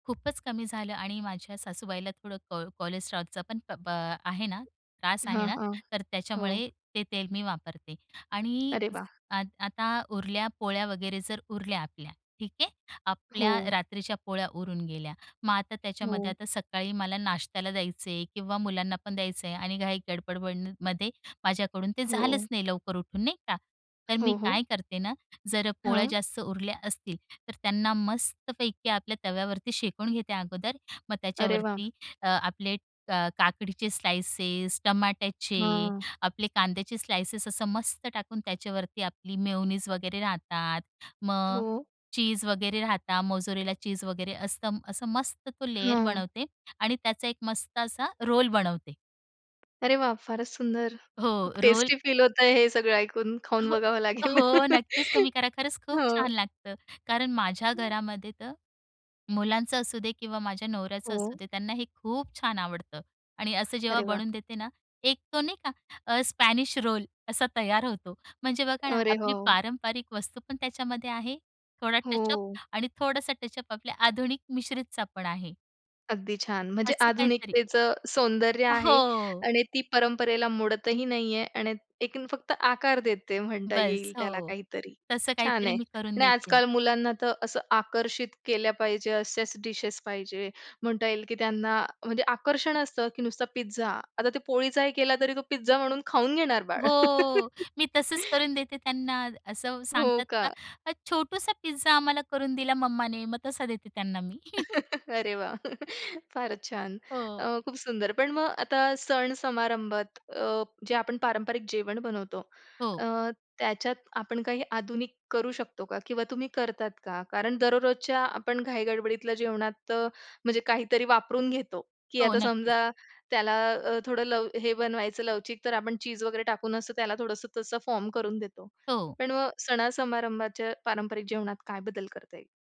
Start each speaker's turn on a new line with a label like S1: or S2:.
S1: खूपच कमी झालं आणि माझ्या सासूबाईला थोडं को कोलेस्ट्रॉल पण प पा आहे ना, त्रास
S2: हां,
S1: आहे ना
S2: हां,
S1: तर
S2: हो.
S1: त्याच्यामुळे ते तेल मी वापरते आणि
S2: अरे वाह!
S1: आत आता उरल्या पोळ्या वगैरे जर उरल्या आपल्या ठीक आहे. आपल्या
S2: हो.
S1: रात्रीच्या पोळ्या उरून गेल्या. मग आता त्याच्यामध्ये
S2: हो.
S1: आता सकाळी मला नाश्त्याला द्यायचं आहे किंवा मुलांना पण द्यायचं आहे आणि काही गडबडबडमध्ये माझ्याकडून ते
S2: हो.
S1: झालंच नाही लवकर उठून नाही का. तर मी
S2: हो, हो.
S1: काय करते ना, जर अ, पोळ्या
S2: हां.
S1: जास्त उरल्या असतील तर त्यांना मस्तपैकी आपल्या तव्यावरती शेकून घेते अगोदर मग
S2: अरे वाह!
S1: त्याच्यावरती अ, आपले क काकडीचे स्लाइसेस टमाट्याचे
S2: हं.
S1: आपले कांद्याचे स्लाइसेस असं मस्त टाकून त्याच्यावरती आपली मेयोनीज वगैरे राहतात मग
S2: हो.
S1: चीज वगैरे राहतात मोझरेला चीज वगैरे असतं. असं मस्त तो लेयर
S2: हां.
S1: बनवते आणि त्याचा एक मस्त असा रोल बनवते.
S2: अरे वाह! फारच सुंदर
S1: हो,
S2: खूप
S1: रोल.
S2: टेस्टी फील होतंय हे सगळं ऐकून
S1: अ,
S2: खाऊन
S1: हो,
S2: बघावं लागेल.
S1: हो, नक्कीच तुम्ही करा खरंच खूप
S2: हो.
S1: छान लागतं. कारण माझ्या
S2: हं.
S1: घरामध्ये तर मुलांचं असू दे किंवा माझ्या नवऱ्याचं असू
S2: हो.
S1: दे, त्यांना हे खूप छान आवडतं आणि असं जेव्हा
S2: अरे वाह!
S1: बनवून देते ना एक तो नाही का अ स्पॅनिश रोल असा तयार होतो. म्हणजे बघा ना,
S2: अरे
S1: आपली
S2: हो.
S1: पारंपरिक वस्तू पण त्याच्यामध्ये आहे, थोडा टचअप
S2: हो.
S1: आणि थोडासा टचअप आपल्या आधुनिक मिश्रितचा पण आहे.
S2: अगदी छान! म्हणजे
S1: असं काहीतरी.
S2: आधुनिकतेचं सौंदर्य
S1: अ,
S2: आहे
S1: हो.
S2: आणि ती परंपरेला मोडतही नाही आहे आणि एक फक्त आकार देते म्हणता
S1: बस,
S2: येईल त्याला
S1: हो.
S2: काहीतरी,
S1: तसं
S2: छान
S1: काहीतरी
S2: आहे
S1: मी करून
S2: आणि
S1: देते.
S2: आजकाल मुलांना तर असं आकर्षित केल्या पाहिजे असेच डिशेस पाहिजे, म्हणता येईल की त्यांना म्हणजे आकर्षण असतं की नुसता पिझ्झा. आता ते पोळीचाही केला तरी तो पिझ्झा म्हणून खाऊन घेणार बाळ.
S1: हो, मी तसच करून देते त्यांना. असं
S2: हो
S1: सांगतात
S2: का?
S1: का छोटूसा पिझ्झा आम्हाला करून दिला मम्मा ने मग तसा देते त्यांना मी.
S2: अरे वाह! फारच छान!
S1: हो.
S2: अ, खूप सुंदर. पण मग आता सण समारंभात अ, जे आपण पारंपरिक जेवण बनवतो
S1: हो.
S2: अ, त्याच्यात आपण काही आधुनिक करू शकतो का? किंवा तुम्ही करतात का? कारण दररोजच्या आपण घाई गडबडीतल्या जेवणात म्हणजे काहीतरी वापरून घेतो की
S1: हो
S2: आता
S1: नक्कीच.
S2: समजा त्याला अ, थोडं लव हे बनवायचं लवचिक तर आपण चीज वगैरे टाकून अस त्याला थोडंसं तसं फॉर्म करून देतो
S1: हो.
S2: पण मग सणासमारंभाच्या पारंपरिक जेवणात काय बदल करता येईल?